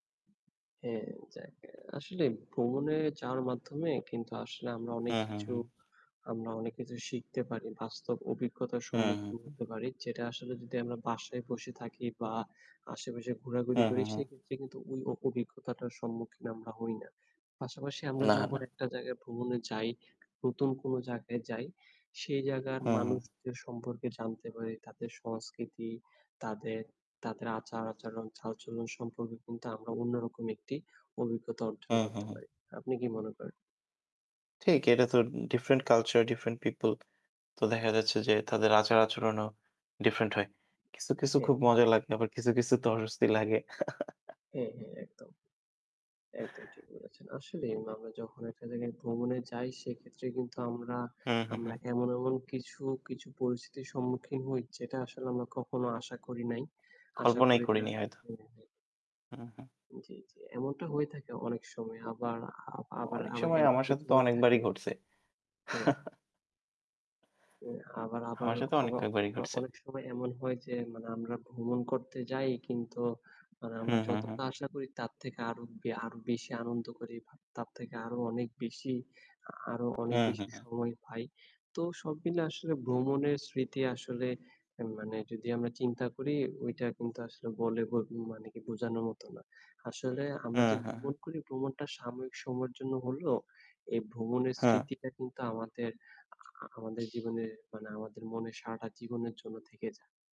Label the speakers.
Speaker 1: হ্যাঁ, যাক। আসলে ভ্রমণে যাওয়ার মাধ্যমে কিন্তু আসলে আমরা অনেক
Speaker 2: হ্যাঁ, হ্যাঁ।
Speaker 1: কিছু
Speaker 2: হ্যাঁ।
Speaker 1: আমরা অনেক কিছু শিখতে পারি। বাস্তব অভিজ্ঞতার
Speaker 2: হ্যাঁ, হ্যাঁ,
Speaker 1: সম্মুখীন
Speaker 2: হ্যাঁ।
Speaker 1: হতে পারি। যেটা আসলে যদি আমরা বাসায় বসে থাকি বা আশেপাশে ঘোরাঘুরি
Speaker 2: হ্যাঁ,
Speaker 1: করি
Speaker 2: হ্যাঁ, হ্যাঁ।
Speaker 1: সেক্ষেত্রে কিন্তু ঐ অ অভিজ্ঞতাটার সম্মুখীন আমরা হই না। পাশাপাশি আমরা
Speaker 2: না,
Speaker 1: যখন
Speaker 2: না।
Speaker 1: একটা জায়গায় ভ্রমণে যাই, নতুন কোন জায়গায় যাই। সেই জায়গার
Speaker 2: হু, হু।
Speaker 1: মানুষদের সম্পর্কে জানতে পারি। তাদের সংস্কৃতি, তাদের তাদের আচার-আচরণ, চালচলন সম্পর্কে কিন্তু আমরা অন্যরকম একটি অভিজ্ঞতা
Speaker 2: হু,
Speaker 1: অর্জন
Speaker 2: হু,
Speaker 1: করতে
Speaker 2: হু।
Speaker 1: পারি। আপনি কি মনে করেন?
Speaker 2: ঠিক, এটা তো ডিফারেন্ট কালচার, ডিফারেন্ট পিপল। তো দেখা যাচ্ছে যে তাদের আচার আচরণও ডিফারেন্ট হয়। কিছু, কিছু
Speaker 1: হ্যাঁ।
Speaker 2: খুব মজা লাগে। আবার কিছু, কিছুতে অস্বস্তি লাগে।
Speaker 1: হ্যাঁ, হ্যাঁ, একদম। একদম ঠিক বলেছেন। আসলেই আমরা যখন একটা জায়গায় ভ্রমণে যাই সেইক্ষেত্রে কিন্তু আমরা
Speaker 2: হু, হু,
Speaker 1: আমরা
Speaker 2: হু।
Speaker 1: এমন, এমন কিছু, কিছু পরিস্থিতির সম্মুখীন হই যেটা আসলে আমরা কখনো আশা করি নাই। আশা
Speaker 2: কল্পনাই
Speaker 1: করি না।
Speaker 2: করিনি হয়তো!
Speaker 1: হ্যাঁ, হ্যাঁ।
Speaker 2: হু, হু।
Speaker 1: জ্বি, জ্বি। এমনটা হয়ে থাকে অনেক সময়। আবার, আ
Speaker 2: অ
Speaker 1: আবার,
Speaker 2: অনেক
Speaker 1: আবার
Speaker 2: সময়
Speaker 1: এমন
Speaker 2: আমার সাথে
Speaker 1: কিছু
Speaker 2: তো
Speaker 1: হয়ে
Speaker 2: অনেকবারই
Speaker 1: থাকে।
Speaker 2: ঘটছে।
Speaker 1: হ্যাঁ। অ্যাঁ আবার আবার
Speaker 2: আমার সাথে অনেক
Speaker 1: আবার
Speaker 2: কয়েকবারই
Speaker 1: আবার
Speaker 2: ঘটছে।
Speaker 1: অনেক সময় এমন হয় যে, মানে আমরা ভ্রমণ করতে যাই কিন্তু মানে
Speaker 2: হু,
Speaker 1: আমরা
Speaker 2: হু, হু।
Speaker 1: যতটা আশা করি তার থেকে আরো বে আরো বেশি আনন্দ করি, ব তার থেকে আরো অনেক বেশি, আ আরো
Speaker 2: হু,
Speaker 1: অনেক
Speaker 2: হু,
Speaker 1: বেশি
Speaker 2: হু।
Speaker 1: সময় পাই। তো সব মিলে আসলে ভ্রমণের স্মৃতি আসলে মানে যদি আমরা চিন্তা করি ঐটা কিন্তু আসলে বলে বো মানে কি বোঝানোর মত না। আসলে
Speaker 2: হা,
Speaker 1: আমরা যে
Speaker 2: হা, হা।
Speaker 1: ভ্রমণ করি, ভ্রমণটা সাময়িক সময়ের জন্য হলেও এই ভ্রমণের
Speaker 2: হ্যাঁ।
Speaker 1: স্মৃতিটা কিন্তু আমাদের, আ আ আমাদের জীবনের মানে আমাদের মনে সারাটা জীবনের জন্য থেকে যায়।